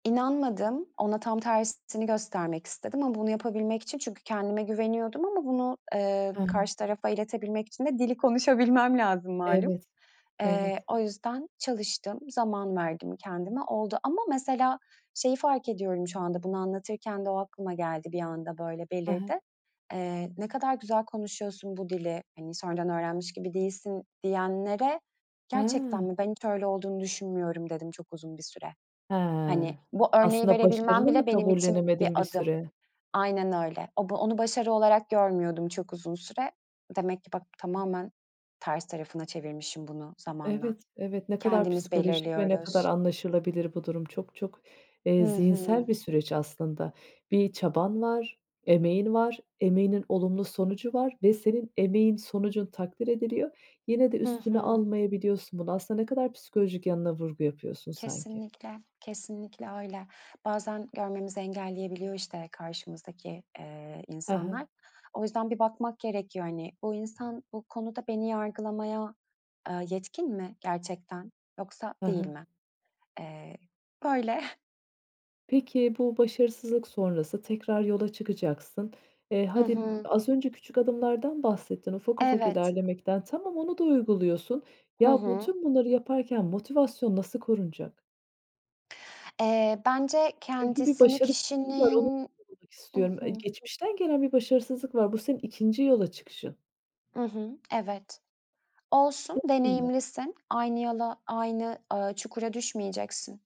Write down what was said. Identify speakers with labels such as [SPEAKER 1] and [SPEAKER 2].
[SPEAKER 1] İnanmadım. Ona tam tersini göstermek istedim ama bunu yapabilmek için çünkü kendime güveniyordum ama bunu, eee,
[SPEAKER 2] He.
[SPEAKER 1] karşı tarafa iletebilmek için de dili konuşabilmem lazım malum.
[SPEAKER 2] Evet,
[SPEAKER 1] Eee,
[SPEAKER 2] evet.
[SPEAKER 1] o yüzden çalıştım, zaman verdim kendime, oldu ama mesela şeyi fark ediyorum, şu anda bunu anlatırken de o aklıma geldi bir anda böyle,
[SPEAKER 2] He he.
[SPEAKER 1] belirdi. Eee, "Ne kadar güzel konuşuyorsun bu dili, hani, sonradan öğrenmiş gibi değilsin." diyenlere "Gerçekten
[SPEAKER 2] He.
[SPEAKER 1] mi? Ben hiç öyle olduğunu düşünmüyorum." dedim çok uzun bir süre.
[SPEAKER 2] He,
[SPEAKER 1] Hani, bu örneği
[SPEAKER 2] aslında
[SPEAKER 1] verebilmem
[SPEAKER 2] başarını mı
[SPEAKER 1] bile benim için bir
[SPEAKER 2] kabullenemedin bir
[SPEAKER 1] adım.
[SPEAKER 2] süre?
[SPEAKER 1] Aynen öyle. O bu onu başarı olarak görmüyordum çok uzun süre demek ki bak, tamamen ters tarafına çevirmişim bunu zamanla
[SPEAKER 2] Evet, evet. Ne kadar
[SPEAKER 1] kendimiz
[SPEAKER 2] psikolojik ve ne kadar
[SPEAKER 1] belirliyoruz.
[SPEAKER 2] anlaşılabilir bu durum. Çok çok, eee,
[SPEAKER 1] Hı hı.
[SPEAKER 2] zihinsel bir süreç aslında. Bir çaban var, emeğin var, emeğinin olumlu sonucu var ve senin emeğin, sonucun takdir ediliyor. Yine de
[SPEAKER 1] Hı
[SPEAKER 2] üstüne
[SPEAKER 1] hı.
[SPEAKER 2] almayabiliyorsun bunu. Aslında ne kadar psikolojik yanına vurgu yapıyorsun sanki.
[SPEAKER 1] Kesinlikle, kesinlikle öyle. Bazen görmemizi engelleyebiliyor işte karşımızdaki, eee,
[SPEAKER 2] He he.
[SPEAKER 1] insanlar. O yüzden bir bakmak gerekiyor, hani, bu insan bu konuda beni yargılamaya, eee, yetkin mi gerçekten yoksa
[SPEAKER 2] He
[SPEAKER 1] değil
[SPEAKER 2] he.
[SPEAKER 1] mi? Eee, böyle.
[SPEAKER 2] Peki, bu başarısızlık sonrası tekrar yola çıkacaksın. Eee,
[SPEAKER 1] Hı
[SPEAKER 2] hadi
[SPEAKER 1] hı.
[SPEAKER 2] az önce küçük adımlardan bahsettin, ufak ufak
[SPEAKER 1] Evet.
[SPEAKER 2] ilerlemekten. Tamam, onu da uyguluyorsun.
[SPEAKER 1] Hı
[SPEAKER 2] Ya, bu
[SPEAKER 1] hı.
[SPEAKER 2] tüm bunları yaparken motivasyon nasıl korunacak?
[SPEAKER 1] Eee, bence
[SPEAKER 2] Çünkü bir
[SPEAKER 1] kendisini
[SPEAKER 2] başarısızlık var, onu
[SPEAKER 1] kişinin
[SPEAKER 2] sormak
[SPEAKER 1] I
[SPEAKER 2] istiyorum. E,
[SPEAKER 1] hı.
[SPEAKER 2] geçmişten gelen bir başarısızlık var. Bu senin 2'nci yola çıkışın.
[SPEAKER 1] I hı, evet. Olsun
[SPEAKER 2] [unintelligible]
[SPEAKER 1] deneyimlisin, aynı yola, aynı, ııı, çukura düşmeyeceksin.